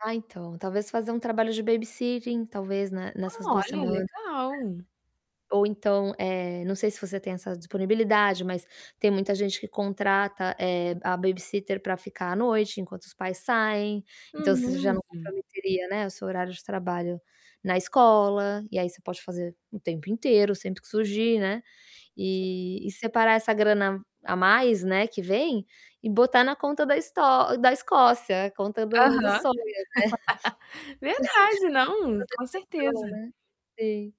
Ah, então, talvez fazer um trabalho de babysitting, talvez na nessas 2 Olha, semanas. legal. É. Ou então, eh, não sei se você tem essa disponibilidade, mas tem muita gente que contrata, eh, a babysitter pra ficar à noite, enquanto os pais saem. Então você já não Uhum. comprometeria, né, o seu horário de trabalho na escola e aí você pode fazer o tempo inteiro, sempre que surgir, né, e e separar essa grana a mais, né, que vem e botar na conta da Esto da Escócia, a conta do do Aham. sonho, né, Verdade, não, com certeza. [unintelligible] né. Sim.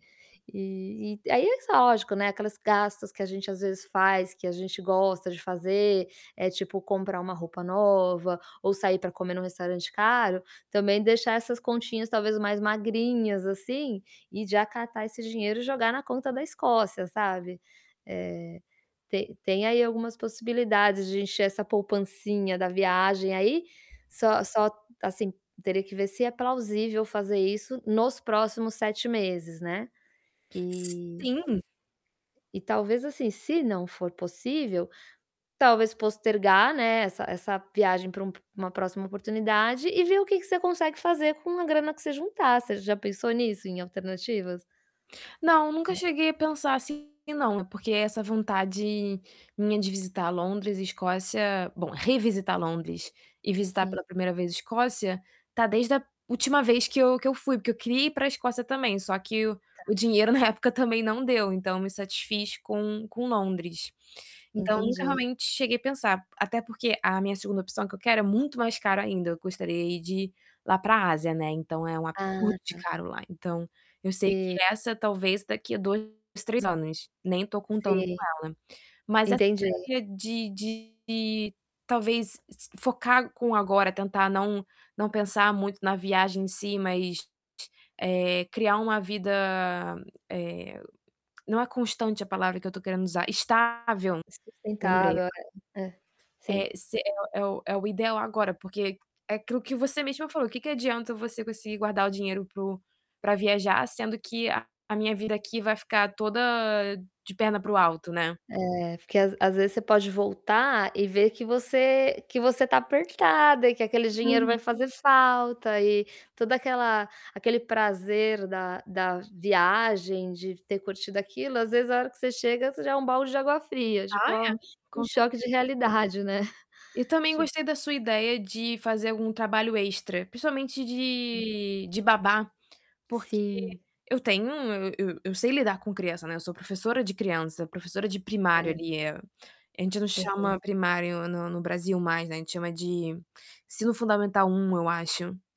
E e aí é só, lógico, né, aquelas gastos que a gente às vezes faz, que a gente gosta de fazer, eh, tipo comprar uma roupa nova ou sair pra comer num restaurante caro, também deixar essas continhas talvez mais magrinhas, assim, e já catar esse dinheiro e jogar na conta da Escócia, sabe. Eh, te tem aí algumas possibilidades de encher essa poupancinha da viagem aí, só só, assim, teria que ver se é plausível fazer isso nos próximos 7 meses, né, eh Sim. e talvez, assim, se não for possível, talvez postergar, né, essa essa viagem pra um p uma próxima oportunidade e ver o que que você consegue fazer com a grana que você juntar. Você já pensou nisso, em alternativas? Não, nunca Hum. cheguei a pensar assim não, porque essa vontade minha de visitar Londres e Escócia, bom, revisitar Londres e visitar Sim. pela primeira vez Escócia, tá desde a última vez que eu que eu fui, porque eu queria ir pra Escócia também, só que o o [unintelligible] dinheiro na época também não deu, então me satisfiz com com Londres. Então nunca, Entendi. realmente, cheguei a pensar, até porque a minha 2ª opção que eu quero é muito mais caro ainda. Eu gostaria de ir lá pra Ásia, né, então é um Ah, absurdo de tá. caro lá. Então eu sei E que essa talvez daqui a 2, 3 anos, nem tô contando com Sim, ela Mas essa entendi. ideia de de talvez si focar com o agora, tentar não não pensar muito na viagem em si, mas, eh, criar uma vida, eh, não é constante a palavra que eu tô querendo usar, estável, lembrei Sustentável, ago é. É. Sim. Eh, se é o é o ideal agora, porque, é aquilo que você mesma falou, o que que adianta você conseguir guardar o dinheiro para o pra viajar, sendo que a a minha vida aqui vai ficar toda de perna para o alto, né. É, porque às às vezes você pode voltar e ver que você que você tá apertada e que aquele dinheiro vai Muito. fazer falta e toda aquela aquele prazer da da viagem, de ter curtido aquilo, às vezes, a hora que você chega, isso é já um balde de água fria, tipo: Ah, "Ó, é, um com choque de certeza. realidade", né. E também Tipo gostei da sua ideia de fazer algum trabalho extra, principalmente Hum de de babá, porque Sim. eu tenho um eu eu sei lidar com criança, né, eu sou professora de criança, professora de primário Certo. ali, eh, a gente não Aham. chama primário no no Brasil mais, né, a gente chama de ensino fundamental I, eu acho.